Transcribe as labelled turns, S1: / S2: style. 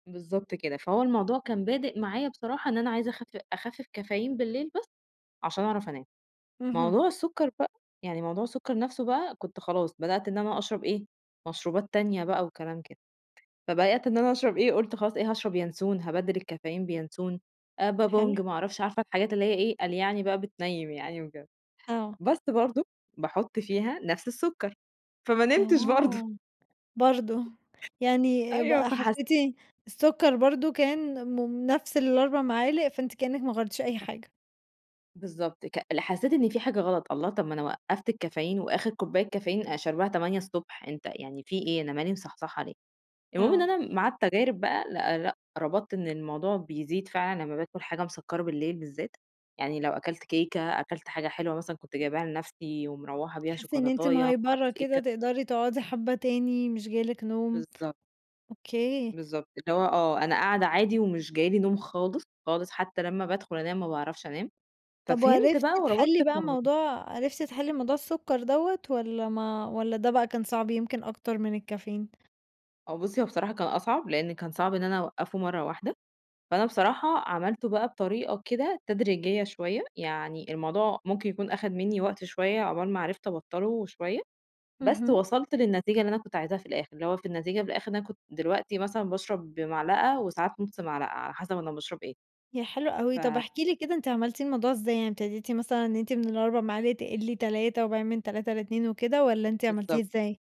S1: بالضبط كده، فهو الموضوع كان بادئ معايا بصراحة إن أنا عايزة أخف أخفِّف كافيين بالليل بس، عشان أعرف أنام،
S2: اهم.
S1: موضوع السُكَّر بقى، يعني موضوع السُكَّر نفْسه بقى، كنت خلاص بدأت إن أنا أشرب إيه، مشروبات تانية بقى وكلام كده، فبدأت إن أنا أشرب إيه قُلت خلاص إيه، هاشرب يانسون هابدِّل الكافيين بيانسون،
S2: حلو.
S1: بابونج ما أعرفش، عارفة الحاجات اللي هي إيه، قال يعني بقى بتنيم يعني وكده،
S2: آه.
S1: بس برضه باحط فيها نفْس السُكَّر، فما نمتش برضه.
S2: آه، برضه، يعني
S1: أيوه
S2: بقى
S1: فحس
S2: حسّيتِ السُكَّر برضه كان م نفْس ال4 معالق، فأنتِ كأنِك ما غيرتيش أي حاجة.
S1: بالضبط ك لا حسّيت إن في حاجة غلط، الله طب ما أنا وقَّفت الكافيين وآخر كوباية كافيين أنا شارباها 8:00 ص أنت يعني في إيه! أنا مالي مصحصحة ليه، المهم إن
S2: آه.
S1: أنا مع التجارب بقى لأ، لأ، ربطت إن الموضوع بيزيد فعلًا لمّا باكل حاجة مسَكَّرة بالليل بالذات، يعني لو أكلت كيكة، أكلت حاجة حلوة مثلًا كنت جايباها لنفْسي ومرَوَّحة بيها،
S2: تحسّي إن أنتِ
S1: شوكولاتية ما
S2: مهيبرة
S1: أعرفش إيه
S2: كده،
S1: ك
S2: تقدري تقعدي حبّة تاني مش جاي لِك نوم،
S1: بالضبط.
S2: أوكي.
S1: بالضبط، اللي هو آه، أنا قاعدة عادي ومش جاي لي نوم خالص، خالص، حتّى لمّا بادخل أنام ما باعرفش أنام،
S2: طب
S1: ففهمت
S2: وعرفتِ
S1: بقى وربطت
S2: تحلّي بقى
S1: الموضوع.
S2: موضوع عرفتِ تحلي موضوع السُكَّر دوّة، والّا ما والّا ده بقى كان صعب يمكن أكتر من الكافيين؟
S1: آه بُصّي هو بصراحة كان أصعب، لإن كان صعب إن أنا أوقفه مَرّة واحدة، فأنا بصراحة عملته بقى بطريقة كده تدريجية شوية، يعني الموضوع ممكن يكون أخَد مني وقت شوية عقبال ما عرفت أبطله شوية، بس
S2: اهم.
S1: وصلت للنتيجة اللي أنا كنت عايزاها في الآخر، اللي هو في النتيجة في الآخر إن أنا كنت دلوقتي مثلًا باشرب بمعلقة وساعات نُص معلقة، على حسب أنا باشرب إيه.
S2: ياه! حلو
S1: ف
S2: أوي، طب احكي لي كده أنتِ عملتي الموضوع إزاي؟ يعني ابتديتِ مثلًا إن أنتِ من ال4 معالق تقِلي 3 وبعدين من 3 ل2 وكده، والّا أنتِ عملتيه
S1: بالضبط.
S2: إزاي؟